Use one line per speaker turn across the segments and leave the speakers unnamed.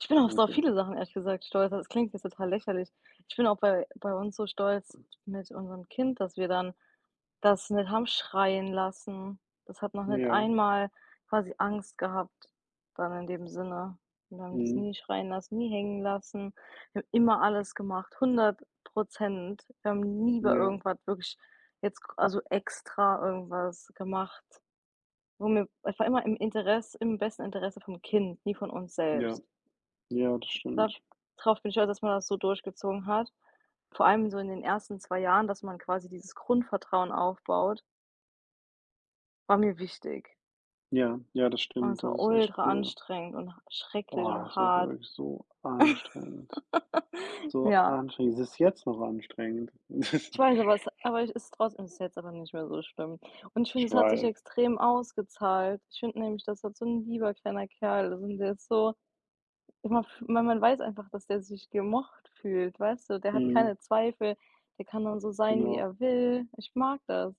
Ich bin auf so
[unintelligible]
viele Sachen ehrlich gesagt stolz, also das klingt jetzt total lächerlich. Ich bin auch bei bei uns so stolz mit unserem Kind, dass wir dann das nicht haben schreien lassen. Das hat noch nicht
Ja.
einmal quasi Angst gehabt dann in dem Sinne. Wir haben das
Mhm.
nie schreien lassen, nie hängen lassen, wir haben immer alles gemacht, 100 %. Wir haben nie bei
Ja.
irgendwas wirklich jetzt k also extra irgendwas gemacht, wo mir es war immer im Interes im besten Interesse vom Kind, nie von uns
Ja.
selbst.
Ja, das
Da
stimmt.
drauf bin ich stolz, dass man das so durchgezogen hat, vor allem so in den ersten 2 Jahren, dass man quasi dieses Grundvertrauen aufbaut war mir wichtig.
Ja, ja, das
Und
stimmt.
es
Das
war
ist echt
ultra
cool.
anstrengend und h schrecklich
Boah,
und
das war
hart.
wirklich so anstrengend so
Ja.
anstrengend. Es ist jetzt noch anstrengend.
Ich weiß, aber es aber ist trotzdem ist jetzt aber nicht mehr so schlimm und ich finde,
Ich
es hat sich
weiß.
extrem ausgezahlt. Ich finde nämlich, das wird so 'n lieber kleiner Kerl, sind jetzt so immer f man man weiß einfach, dass der sich gemocht fühlt, weißt du? Der hat
Mhm.
keine Zweifel, der kann dann so sein, wie
Genau.
er will. Ich mag das.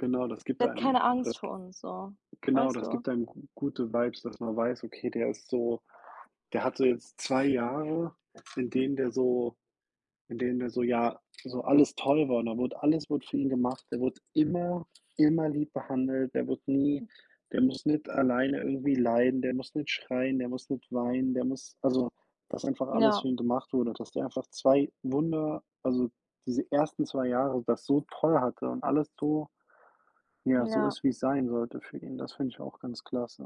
Genau, das gibt
Der hat
einem
keine Angst
das g
vor uns so,
genau,
weißt
das
du?
gibt einem g gute Vibes, dass man weiß: „Okay, der ist so der hatte jetzt 2 Jahre, in denen der so in denen der so ja, so alles toll war und da wurde alles wurde für ihn gemacht.“ Der wurde immer immer lieb behandelt, der wirde nie der muss nicht alleine irgendwie leiden, der muss nicht schreien, der muss nicht weinen, der muss also, dass einfach alles für
Ja.
ihn gemacht wurde, dass der einfach 2 wunder also diese ersten 2 Jahre das so toll hatte und alles so ja, so
Ja.
ist, wie es sein sollte für ihn. Das finde ich auch ganz klasse.